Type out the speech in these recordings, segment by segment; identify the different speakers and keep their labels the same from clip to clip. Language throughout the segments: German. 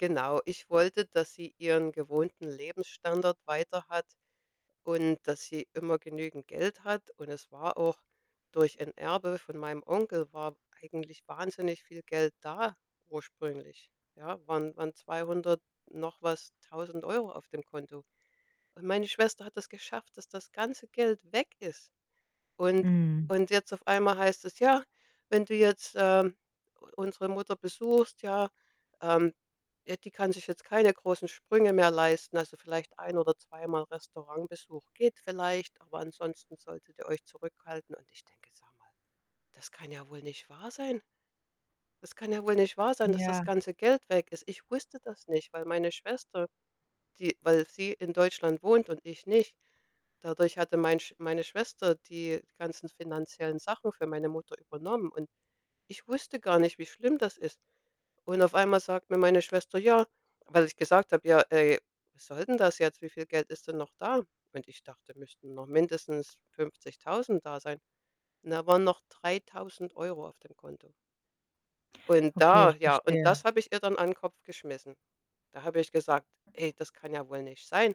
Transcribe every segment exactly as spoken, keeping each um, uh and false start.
Speaker 1: Genau, ich wollte, dass sie ihren gewohnten Lebensstandard weiter hat und dass sie immer genügend Geld hat. Und es war auch durch ein Erbe von meinem Onkel war eigentlich wahnsinnig viel Geld da ursprünglich, ja, waren waren zweihundert noch was tausend Euro auf dem Konto. Und meine Schwester hat das geschafft, dass das ganze Geld weg ist. Und
Speaker 2: Mhm.
Speaker 1: und jetzt auf einmal heißt es: „Ja, wenn du jetzt, ähm, u unsere Mutter besuchst, ja, ähm ja, die kann sich jetzt keine großen Sprünge mehr leisten. Also, vielleicht ein oder zweimal Restaurantbesuch geht vielleicht, aber ansonsten solltet ihr euch zurückhalten.“ Und ich denke: „Sag mal, das kann ja wohl nicht wahr sein.“ Das kann ja wohl nicht wahr sein, dass das
Speaker 2: Ja.
Speaker 1: ganze Geld weg ist. Ich wusste das nicht, weil meine Schwester, die weil sie in Deutschland wohnt und ich nicht. Dadurch hatte mein Sch meine Schwester die ganzen finanziellen Sachen für meine Mutter übernommen, und ich wusste gar nicht, wie schlimm das ist. Und auf einmal sagt mir meine Schwester: „Ja.“ Weil ich gesagt habe: „Ja, ey, was soll denn das jetzt? Wie viel Geld ist denn noch da?“ Und ich dachte, müssten noch mindestens fünfzigtausend da sein. Und da waren noch dreitausend Euro auf dem Konto. Und
Speaker 2: Okay,
Speaker 1: da,
Speaker 2: ich
Speaker 1: ja und das
Speaker 2: verstehe.
Speaker 1: habe ich ihr dann an 'n Kopf geschmissen. Da habe ich gesagt: „Ey, das kann ja wohl nicht sein,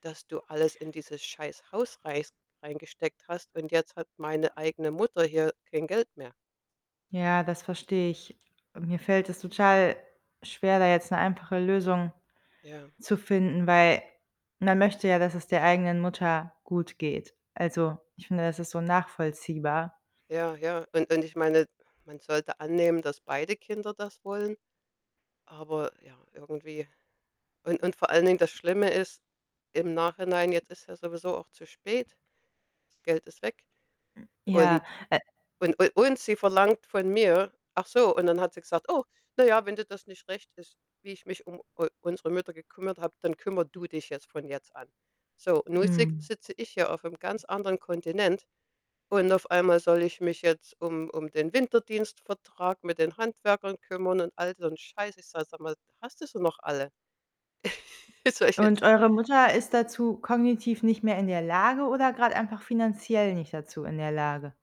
Speaker 1: dass du alles in dieses scheiß Haus reis reingesteckt hast, und jetzt hat meine eigene Mutter hier kein Geld mehr.“
Speaker 2: Ja, das verstehe ich. Mir fällt es total schwer, da jetzt 'ne einfache Lösung
Speaker 1: Ja.
Speaker 2: zu finden, weil man möchte ja, dass es der eigenen Mutter gut geht. Also, ich finde, das ist so nachvollziehbar.
Speaker 1: Ja, ja, und und ich meine, man sollte annehmen, dass beide Kinder das wollen, aber ja, irgendwie und und vor allen Dingen, das Schlimme ist, im Nachhinein, jetzt ist ja sowieso auch zu spät. Geld ist weg,
Speaker 2: M ja,
Speaker 1: und
Speaker 2: äh
Speaker 1: und u und sie verlangt von mir ach so, und dann hat sie gesagt: „Oh, na ja, wenn dir das nicht recht ist, wie ich mich um u unsere Mutter gekümmert habe, dann kümmere du dich jetzt von jetzt an.“ So, und nun sick
Speaker 2: Mhm.
Speaker 1: sitze ich hier aufm ganz anderen Kontinent, und auf einmal soll ich mich jetzt um um den Winterdienstvertrag mit den Handwerkern kümmern und all so 'n Scheiß. Ich sage: „Sag mal, hast du sie noch alle? Soll ich
Speaker 2: Und
Speaker 1: jetzt“
Speaker 2: eure Mutter ist dazu kognitiv nicht mehr in der Lage oder grad einfach finanziell nicht dazu in der Lage?